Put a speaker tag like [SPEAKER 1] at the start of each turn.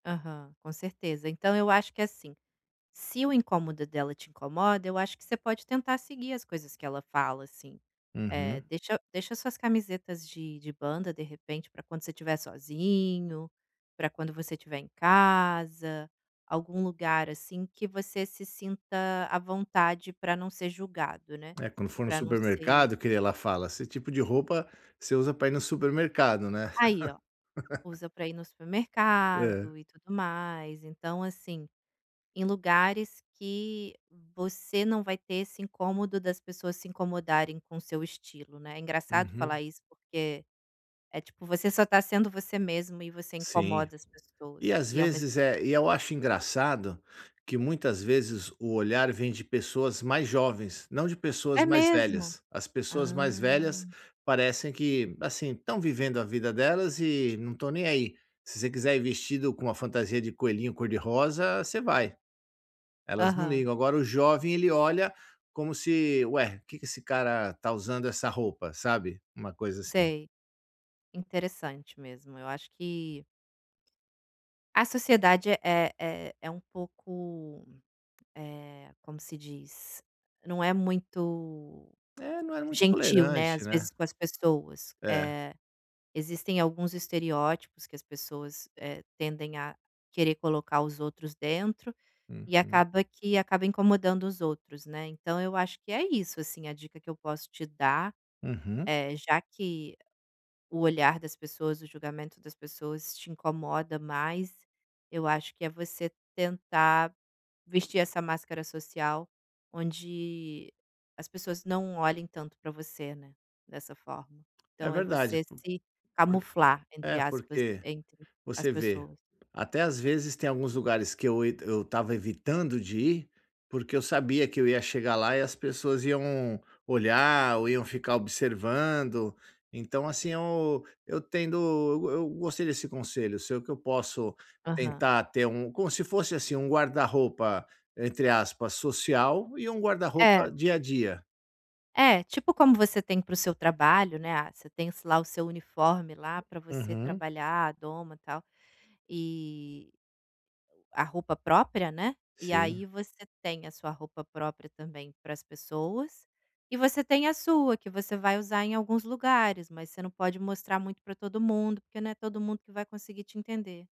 [SPEAKER 1] Aham, com certeza. Então eu acho que assim, se o incômodo dela te incomoda eu acho que você pode tentar seguir as coisas que ela fala assim, eh,
[SPEAKER 2] Uhum.
[SPEAKER 1] deixa deixa as suas camisetas de de banda de repente para quando você estiver sozinho, para quando você estiver em casa, algum lugar assim que você se sinta à vontade para não ser julgado, né,
[SPEAKER 2] É quando for no
[SPEAKER 1] para não ser
[SPEAKER 2] supermercado que aí ela fala: "Esse tipo de roupa você usa para ir no supermercado", né?
[SPEAKER 1] Aí ó, usa para ir no
[SPEAKER 2] É.
[SPEAKER 1] supermercado e tudo mais, então assim, em lugares que você não vai ter esse incômodo das pessoas se incomodarem com o seu estilo, né. Engraçado falar
[SPEAKER 2] Uhum.
[SPEAKER 1] isso porque, é tipo você só tá sendo você mesmo e você
[SPEAKER 2] Sim.
[SPEAKER 1] incomoda as
[SPEAKER 2] E
[SPEAKER 1] pessoas
[SPEAKER 2] às
[SPEAKER 1] e ao mesmo
[SPEAKER 2] vezes, eh, e eu acho engraçado, que muitas vezes o olhar vem de pessoas mais jovens, não de pessoas
[SPEAKER 1] É
[SPEAKER 2] mais
[SPEAKER 1] mesmo?
[SPEAKER 2] velhas. As pessoas mais
[SPEAKER 1] Hã.
[SPEAKER 2] velhas parecem que, assim, estão vivendo a vida delas e não estão nem aí. Se você quiser ir vestido com uma fantasia de coelhinho cor-de-rosa, você vai. Elas não
[SPEAKER 1] Aham.
[SPEAKER 2] ligam, agora o jovem ele olha como se: "Ué, que esse cara tá usando essa roupa?", sabe, uma coisa assim.
[SPEAKER 1] Sei, interessante mesmo, eu acho que a sociedade é é é é um pouco, eh, como se diz, não é muito
[SPEAKER 2] É, não era muito
[SPEAKER 1] gentil, né,
[SPEAKER 2] tolerante,
[SPEAKER 1] às vezes
[SPEAKER 2] né.
[SPEAKER 1] com as pessoas.
[SPEAKER 2] É.
[SPEAKER 1] Eh, existem alguns estereótipos que as pessoas, eh, tendem a querer colocar os outros dentro, e
[SPEAKER 2] Uhum.
[SPEAKER 1] acaba que acaba incomodando os outros né, então eu acho que é isso assim a dica que eu posso te dar,
[SPEAKER 2] Uhum.
[SPEAKER 1] é já que o olhar das pessoas, o julgamento das pessoas te incomoda mais, eu acho que é você tentar vestir essa máscara social onde as pessoas não olhem tanto para você, né, dessa forma.
[SPEAKER 2] É
[SPEAKER 1] Então, é
[SPEAKER 2] verdade.
[SPEAKER 1] você
[SPEAKER 2] Por
[SPEAKER 1] se
[SPEAKER 2] por
[SPEAKER 1] camuflar entre
[SPEAKER 2] é,
[SPEAKER 1] aspas
[SPEAKER 2] porque,
[SPEAKER 1] entre as
[SPEAKER 2] você vê,
[SPEAKER 1] pessoas.
[SPEAKER 2] até às vezes tem alguns lugares que eu et eu estava evitando de ir, porque eu sabia que eu ia chegar lá e as pessoas iam olhar ou iam ficar observando. Então assim, eu eu tendo eu eu gostei desse conselho seu. O que eu posso
[SPEAKER 1] Aham.
[SPEAKER 2] tentar ter um, como se fosse assim, um guarda-roupa, entre aspas, social, e um
[SPEAKER 1] É.
[SPEAKER 2] guarda-roupa dia a dia.
[SPEAKER 1] É, tipo como você tem para o seu trabalho, né. Ah você tem lá o seu uniforme lá para você
[SPEAKER 2] Uhum.
[SPEAKER 1] trabalhar, a doma tal, e a roupa própria, né. E
[SPEAKER 2] Sim
[SPEAKER 1] aí você tem a sua roupa própria também para as pessoas, e você tem a sua que você vai usar em alguns lugares, mas você não pode mostrar muito para todo mundo, porque não é todo mundo que vai conseguir te entender.